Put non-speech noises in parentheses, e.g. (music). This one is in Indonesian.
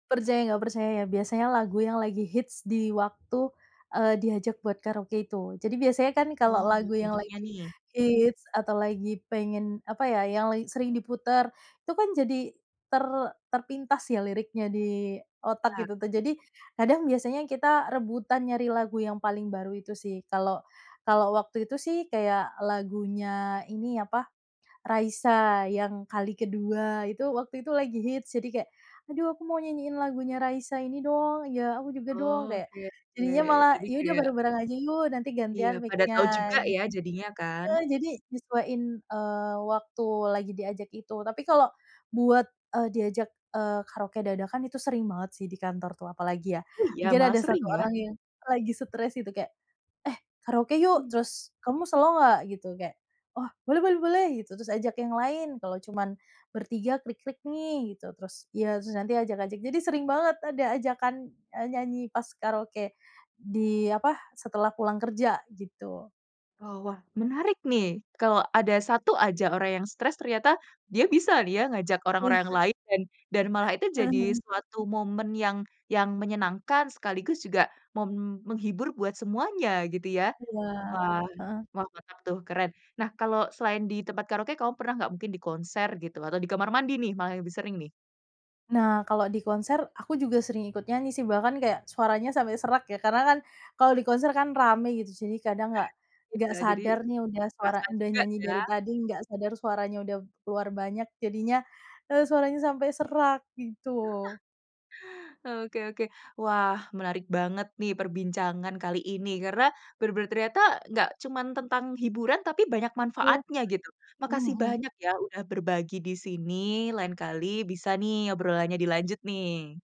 Percaya nggak percaya ya, biasanya lagu yang lagi hits di waktu, eee, diajak buat karaoke itu jadi biasanya kan Oh kalau ambil lagu yang contohnya lagi nih. hits atau lagi pengen apa ya, yang lagi sering diputar, itu kan jadi, ter terpintas ya, liriknya di otak Ya. gitu tuh jadi kadang biasanya kita rebutan nyari lagu yang paling baru itu sih, kalau kalau waktu itu sih kayak lagunya ini, apa, Raisa yang Kali Kedua, itu waktu itu lagi hits, jadi kayak, "Aduh aku mau nyanyiin lagunya Raisa ini dong," "Ya, aku juga dong." Oh, Kayak, oke oke, jadinya malah, jadi "Ya udah kayak bareng-bareng aja yuk, nanti gantian Iya, pada tau mic-nya." juga Gitu, ya jadinya heeh, kan? jadi nyesuaiin, eee, waktu lagi diajak itu tapi kalau, buat, eee, diajak, eee, karaoke dadakan itu sering banget sih di kantor tuh apalagi ya, Oh iya? mungkin Malah ada 1 sering ya? orang yang lagi stres gitu kayak, "Eh, karaoke yuk!" Mmm. Terus, "Kamu selo nggak?" Gitu, kayak, "Wah, boleh boleh boleh," gitu terus, "Ajak yang lain, kalau cuman bertiga krik-krik nih," gitu, terus ya terus nanti ajak-ajak, jadi sering banget ada ajakan, eee, nyanyi pas karaoke, di apa, setelah pulang kerja gitu. Oh wah, menarik nih, kalau ada 1 aja orang yang stres ternyata, dia bisa nih ya, ngajak Iya. orang-orang yang lain dan dan malah itu Heeh jadi heeh. suatu momen yang yang menyenangkan sekaligus juga mem menghibur buat semuanya gitu ya? Iya, Wah heeh. wah, mantap tuh, keren. Nah, kalau selain di tempat karaoke kamu pernah nggak, mungkin di konser gitu atau di kamar mandi nih malah yang lebih sering nih? Nah kalau di konser aku juga sering ikut nyanyi sih bahkan kayak suaranya sampai serak ya karena kan kalau di konser kan rame gitu jadi (chuckles) kadang nggak nggak Iya jadi, sadar nih udah suara terasa udah juga nyanyi ya? dari tadi nggak sadar suaranya udah keluar banyak jadinya, eee, suaranya sampai serak gitu. (laughs) Oke oke, wah menarik banget nih perbincangan kali ini karena benar-benar ternyata nggak cuman tentang hiburan tapi banyak Iya, manfaatnya gitu, makasih mhm-mhm. banyak ya udah berbagi di sini, lain kali bisa nih obrolannya dilanjut nih.